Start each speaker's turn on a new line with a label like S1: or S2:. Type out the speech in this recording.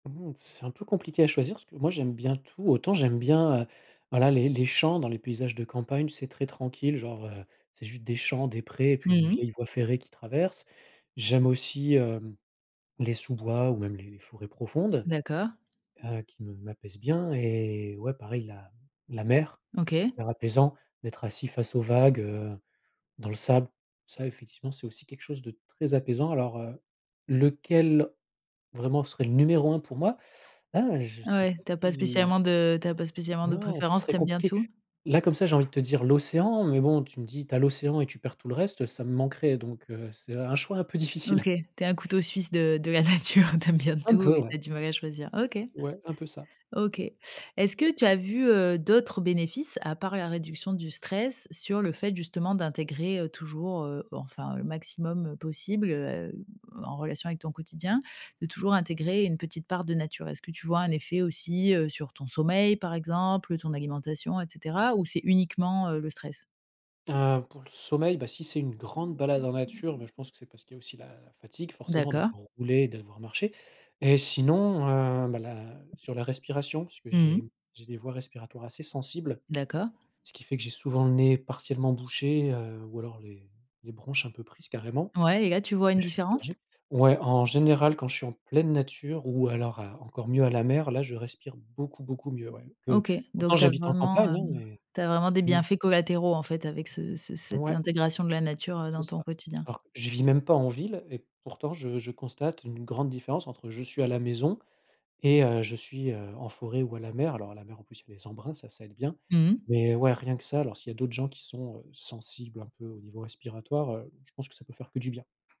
S1: Mmh. C'est un peu compliqué à choisir parce que moi j'aime bien tout. Autant j'aime bien, heu, voilà les les champs dans les paysages de campagne, c'est très tranquille genre, heu, c'est juste des champs, des prés et
S2: Mmh
S1: puis une
S2: mh.
S1: vieille voie ferrée qui traverse. J'aime aussi, hem, les sous-bois ou même les forêts profondes.
S2: D'accord.
S1: Heu, qui me m'apaisent bien et ouais, pareil la m la mer, c'est
S2: OK.
S1: super apaisant d'être assis face aux vagues, heu, dans le sable. Ça effectivement, c'est aussi quelque chose de très apaisant alors, heu, lequel vraiment serait le numéro 1 pour moi? Là je
S2: Ah
S1: sais
S2: ouais.
S1: pas
S2: Tu as pas
S1: si
S2: spécialement de tu as pas spécialement de
S1: non, ce
S2: préférence,
S1: serait
S2: tu aimes bien
S1: compliqué.
S2: tout?
S1: Là comme ça, j'ai envie de te dire l'océan mais bon, tu me dis: «Tu as l'océan et tu perds tout le reste», heu, ça me manquerait donc heu, c'est un choix un peu
S2: OK.
S1: difficile.
S2: Tu es un couteau suisse de de la nature. Tu aimes bien
S1: Un
S2: tout
S1: peu
S2: et tu as
S1: ouais,
S2: du mal à choisir. OK.
S1: c'est ouais, un peu ça.
S2: OK. Est-ce que tu as vu, heu, d'autres bénéfices à part la réduction du stress sur le fait justement d'intégrer, heu, toujours- heu, enfin le maximum, heu, possible, heu, en relation avec ton quotidien- de toujours intégrer une petite part de nature? Est-ce que tu vois un effet aussi, heu, sur ton sommeil par exemple, ton alimentation et cetera ou c'est uniquement, heu, le stress?
S1: Ah. Pour le sommeil, bah si c'est une grande balade en nature, bah je pense que c'est parce qu'il y a aussi la fatigue forcément
S2: D'accord.
S1: d'avoir roulé et d'avoir marché et sinon, heu, bah la sur la respiration. Parce que
S2: Mhm
S1: j'ai
S2: mh.
S1: j'ai des voies respiratoires assez sensibles.
S2: D'accord.
S1: Ce qui fait que j'ai souvent le nez partiellement bouché, heu, ou alors les les bronches un peu prises carrément.
S2: Ouais et là, tu vois une
S1: Je fais des
S2: différence?
S1: allergies. Ouais, en général quand je suis en pleine nature ou alors à encore mieux à la mer, là, je respire beaucoup beaucoup mieux ouais. Peu
S2: OK.
S1: pourtant
S2: Donc tu as
S1: j'habite en
S2: vraiment,
S1: campagne, hein,
S2: hem,
S1: mais,
S2: tu as vraiment des
S1: mmh.
S2: bienfaits collatéraux en fait avec ce ce cette
S1: Ouais.
S2: intégration de la nature, heu,
S1: C'est
S2: dans ton
S1: ça.
S2: quotidien?
S1: Alors qu je vis même pas en ville et pourtant je je constate une grande différence entre je suis à la maison et heu, je suis, heu, en forêt ou à la mer. Alors à la mer en plus il y a les embruns, ça ça aide bien.
S2: Mmh mh.
S1: Mais ouais rien que ça alors s'il y a d'autres gens qui sont, heu, sensibles un peu au niveau respiratoire, heu, je pense que ça peut faire que du bien.